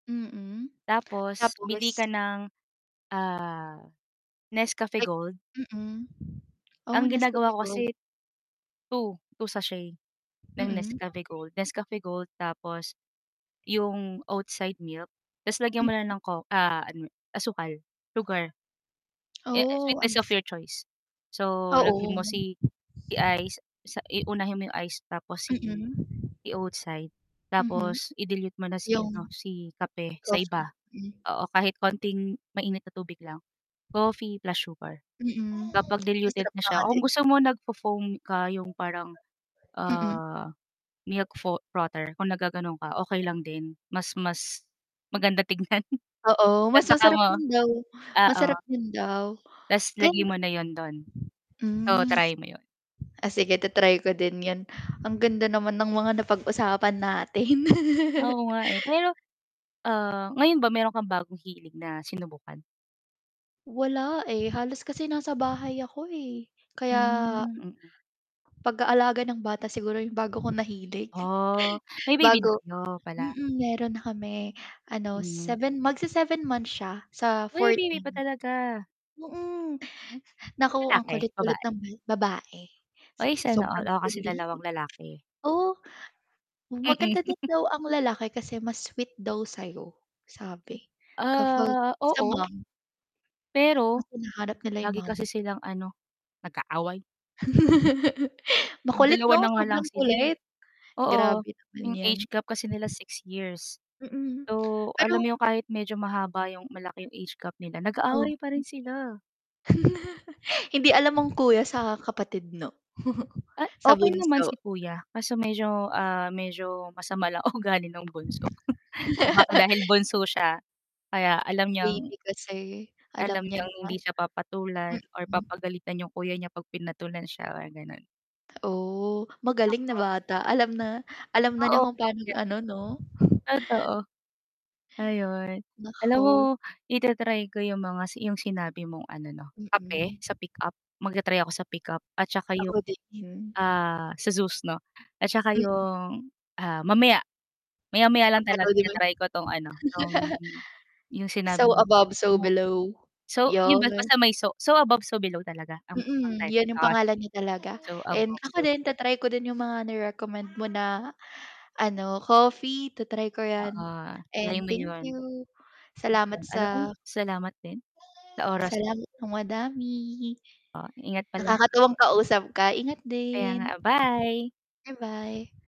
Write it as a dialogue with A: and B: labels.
A: Mm,
B: Tapos bili
A: tapos?
B: ka ng, ah, Nescafe
A: Like,
B: Gold.
A: mm, oh,
B: Ang
A: Nescafe
B: ginagawa ko
A: Gold.
B: kasi 2, 2 sachet ng
A: Mm.
B: Nescafe Gold, Nescafe Gold tapos yung Oatside milk ta's lagyan mo
A: Hmm.
B: ng co ah, asukal, sugar eh,
A: Oh,
B: sweetness of
A: ice.
B: your choice. So, lagyan
A: Oo.
B: mo si ice sa i unahin mo yung ice tapos si
A: Mm.
B: Oatside
A: Mhm,
B: tapos i-dilute mo na si ano
A: yung
B: si kape sa
A: coffee,
B: iba,
A: hmm.
B: oo kahit konting mainit na tubig lang, coffee plus sugar.
A: Mm,
B: Kapag diluted
A: masarap
B: na
A: pa
B: siya
A: nga
B: kung
A: din.
B: gusto mo nag-fo-foam ka yung parang,
A: Mm.
B: ah, milk fo frother kung naggaganon ka okey lang din mas mas maganda tignan
A: Oo,
B: ta's
A: mas
B: saka
A: masarap
B: mo,
A: din daw,
B: oo.
A: masarap din daw.
B: Ta's lagyan mo na 'yon dun, oo
A: Hmm,
B: try mo 'yon.
A: ah, sige i-ta-try ko din 'yan, ang ganda naman ng mga napag-usapan natin.
B: Oo nga, eh, pero, ah, ngayon ba meron kang bagong hilig na sinubukan.
A: Wala, eh, halos kasi nasa bahay ako, eh, kaya
B: Hmm, mm.
A: Pag-aalaga ng bata siguro yung bago ko nahilig,
B: Oh, may baby na
A: bago,
B: kayo pala.
A: mm, meron na kami ano,
B: Hmm.
A: seven, mag-se-seven months siya sa
B: Uy, baby pa
A: 14.
B: talaga.
A: Hmm, naku ang
B: Lalaki,
A: kulit-kulit
B: babae?
A: ng ba babae
B: Uy, sana all,
A: sobrang
B: ako kasi
A: kulit.
B: dalawang lalaki.
A: Oh,
B: Mm.
A: maganda din daw ang lalaki kasi mas sweet daw sa'yo sabi kapag
B: Ah,
A: sa
B: oo.
A: mom. Mas
B: Pero
A: hinahanap nila yung
B: lagi kasi
A: mama.
B: silang ano nag-aaway.
A: Makulit
B: 2
A: 'no,
B: na nga lang
A: sobrang
B: sila, eh,
A: kulit,
B: oo,
A: grabe naman
B: yung
A: 'yan.
B: age gap kasi nila 6 years.
A: Mm,
B: So,
A: pero
B: alam yung kahit medyo mahaba yung malaki yung age gap nila nag-aaway pa rin
A: Oh.
B: sila.
A: Hindi alam mong kuya sa kapatid 'no,
B: Ah,
A: sa
B: okey naman
A: bunso.
B: si kuya kaso medyo, ah, medyo masama lang ugali ng bunso o baka dahil bunso siya kaya alam niyang
A: Baby kasi
B: alam
A: alam niya
B: niyang
A: na.
B: hindi siya papatulan or
A: Mm.
B: papagalitan yung kuya niya pag pinatulan siya gano'n.
A: Oh, magaling na
B: Naku.
A: bata alam na, alam na niya
B: Oo.
A: kung paano
B: [unintelligible]
A: ano 'no?
B: Totoo. Ayun alam mo
A: Naku.
B: i-ta-try ko yung mga yung mga si sinabi mong ano 'no, kape
A: Mm.
B: sa pickup, mag-ta-try ako sa pickup at saka yung,
A: Ako din.
B: ah, sa Zues 'no, at saka
A: Mm.
B: yung, ah, mamaya, maya-maya lang talaga
A: Papanoorin mo
B: ita
A: 'yon?
B: try ko 'tong ano, 'tong yung
A: "So
B: sinabi mong
A: above, so
B: movie.
A: below,"
B: So, yun
A: 'yon.
B: basta may so "So above, so below" talaga ang, ang
A: Mm,
B: title,
A: 'yon yung
B: ah,
A: pangalan
B: sige
A: niya talaga
B: "So
A: and
B: above so
A: ako
B: below."
A: din ta-try ko din yung mga na recommend mo na ano, coffee ta-try ko
B: Oo,
A: 'yan
B: try
A: and
B: mo
A: thank
B: 'yon.
A: you salamat
B: Alam mo
A: sa
B: salamat din sa oras mo.
A: salamat ng madami.
B: Oh, ingat palagi.
A: Nakakatawang kausap ka ingat
B: Kaya nga,
A: din.
B: ah, bye.
A: Ba-bye.